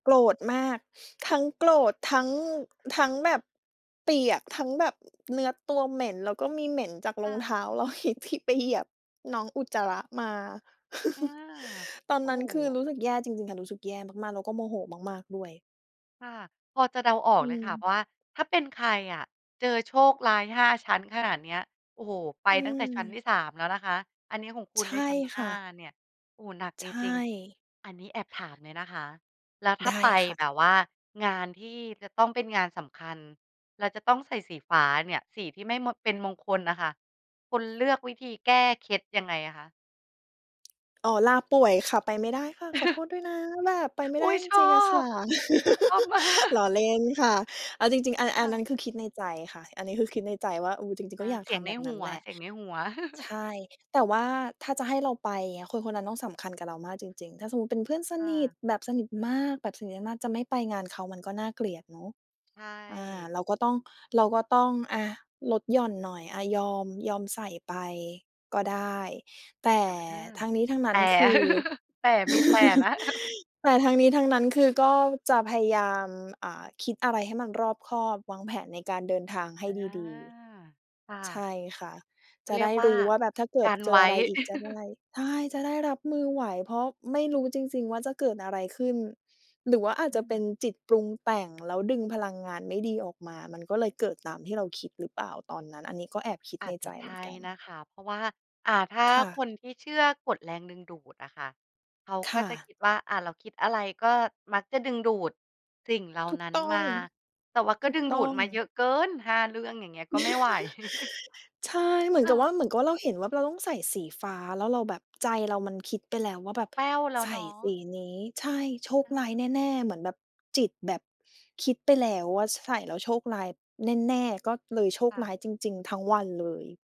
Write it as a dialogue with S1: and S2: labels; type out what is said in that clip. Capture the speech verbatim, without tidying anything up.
S1: โกรธมาก ทั้งโกรธ ทั้ง ทั้งแบบเปียก ทั้งแบบเนื้อตัวเหม็น แล้วก็มีเหม็นจาก
S2: ค
S1: รอ
S2: ่
S1: งเท
S2: ะ
S1: ้าเรา อีก ที่ไปเหยียบน้องอุจจาระมา
S2: อา
S1: ตอน
S2: โอ้
S1: นั้น
S2: โ
S1: คือ
S2: ฮ
S1: รู้สึกแย่จริง ๆ ค่ะ รู้สึกแย่มาก ๆ แล้วก็โมโหมาก ๆ ด้วย
S2: ค่ะ พอจะเดาออ
S1: อ
S2: ก
S1: ื
S2: เลยค่ะ เพ
S1: ม
S2: ราะว่าถ้าเป็นใครอะ เจอโชคร้าย ห้า ชั้นขนาดเนี้ย โอ้โฮ ไป
S1: อื
S2: ตั้งแต่ชั้นท
S1: ม
S2: ี่ สาม แล้วนะคะ อันนี้ของคุ
S1: ใช
S2: ณได้
S1: ่
S2: ชั้น ห
S1: ค
S2: ้
S1: ่
S2: า
S1: ะ
S2: เนี่ย โอ้โฮ หนัก
S1: ใช
S2: จริง
S1: ่
S2: ๆ อันนี้แอบถามเลยนะคะ แล้วถ้
S1: ไ
S2: า
S1: ด้
S2: ไป
S1: ค่
S2: แ
S1: ะ
S2: บบว่างานที่จะต้องเป็นงานสำคัญ เราจะต้องใส่สีฟ้าเนี่ย สีที่ไม่ ม เป็นมงคลน่ะค่ะ คุณเลือกวิธีแก้เคล็ดยังไงอะคะ
S1: อ๋อ ลาป่วยค่ะไปไม่ได้ค่ะ ขอโทษด้วยนะ แบบไปไม่
S2: อ
S1: ไ
S2: ุ
S1: ด
S2: ๊
S1: ้
S2: ย
S1: จ
S2: ชอ
S1: ริง ๆ อะค
S2: บ
S1: ่ะ
S2: ชอบมา
S1: ล
S2: ก
S1: ้อเล่นค่ะ เอาจริง ๆ อัน อ
S2: ค
S1: ั
S2: ่
S1: นนั้
S2: ะ
S1: นคือ คิดในใจค่ะ อันนี้คือ คิดในใจว่า อุ๊ย จริง
S2: อ
S1: ๆ ก็
S2: า
S1: อยาก
S2: เสี
S1: ท
S2: ยงใ
S1: ำแ
S2: น
S1: บบน
S2: ห
S1: ั้
S2: ั
S1: น
S2: ว
S1: แหละ
S2: เสียงในหัว
S1: ใช่ แต่ว่าถ้าจะให้เราไปอย่างเงี้ย คน คนนั้นต้องสำคัญกับเรามากจริง ๆ ถ้าสมมุติเป็นเพื่อนส
S2: ค่
S1: นิท
S2: ะ
S1: แบบสนิทมาก แบบสนิทมาก ๆ จะไม่ไปงานเขามันก็น่าเกลียดเนาะ
S2: ใช
S1: อ่า
S2: ่
S1: เราก็ต้อง เราก็ต้อง อะ ลดหย่อนหน่อย อ่า ยอม ยอมใส่ไปก็ได้ แต่
S2: อะ
S1: ทั้งนี้ทั้งนั
S2: อา แต
S1: ้น
S2: ่
S1: คือ
S2: แต่ มีแต่นะ
S1: แต่ทั้งนี้ทั้งนั้นคือก็จะพยายาม อา คิดอะไรให้มันรอบคอบ วางแผนในการเดินทางให้
S2: อา
S1: ดี
S2: ค่
S1: ๆ ใช
S2: ะ
S1: ่ค่ะ
S2: เข
S1: จ
S2: า
S1: ะ
S2: เรี
S1: ไ
S2: ย
S1: ด้
S2: กว
S1: ร
S2: ่า
S1: ู้ว่าแบบถ้าเกิ
S2: ก
S1: ด
S2: ัน
S1: เจ
S2: ไ
S1: อ
S2: ว
S1: อ
S2: ้
S1: ะไรอีกจะได้ ใช่ จะได้รับมือไหว เพราะไม่รู้จริง ๆ ว่าจะเกิดอะไรขึ้น หรือว่าอาจ
S2: อ
S1: จะเป็น
S2: ือ
S1: จิตปรุงแต่ง แล้วดึงพลังงานไม่ดีออกมา มันก็เลยเกิดตามที่เราคิดหรือเปล่าตอนนั้น อันนี้ก็แอบคิด
S2: อ
S1: ใ
S2: า
S1: น
S2: จจ
S1: ใ
S2: ะ
S1: จ
S2: ใ
S1: เ
S2: ช
S1: หมือ
S2: ่
S1: นกั
S2: น
S1: น
S2: ะคะ เพราะว่า อา ถ้า
S1: ค่ะ
S2: คนที่เชื่อกฎแรงดึงดูดอะค่ะ เขา
S1: ค
S2: ก็
S1: ่
S2: จะค
S1: ะ
S2: ิดว่า อา เราคิดอะไรก็มักจะดึงดูดสิ่งเหล่า
S1: ถูก
S2: นั้น
S1: ต้อ
S2: มา
S1: ง
S2: แต่ว่าก
S1: ถ
S2: ็
S1: ู
S2: ด
S1: ก
S2: ึง
S1: ต
S2: ด
S1: ้
S2: ู
S1: อ
S2: ด
S1: ง
S2: มาเยอะเกิน ห้า เรื่องอย่างเงี้ย ก็ไม่ไหว
S1: ใช่ เหมือ
S2: ค
S1: น
S2: ่
S1: กับว
S2: ะ
S1: ่า เหมือนกับว่าเราเห็นว่า เราต้องใส่สีฟ้าแล้วเราแบบ ใจเรามันคิดไปแล้วว่าแบบ
S2: แป้วแล้
S1: ใ
S2: ว
S1: ส
S2: เ
S1: ่
S2: นา
S1: ส
S2: ะ
S1: ีนี้ ใช่ โชค
S2: อ
S1: ร้า
S2: ืม
S1: ยแน่ ๆ เหมือนแบบจิตแบบคิดไปแล้วว่า ใส่แล้วโชคร้ายแน่ ๆ ก็เลยโช
S2: ค
S1: ค
S2: ่ะ
S1: ร้ายจริง ๆ ทั้งวันเลย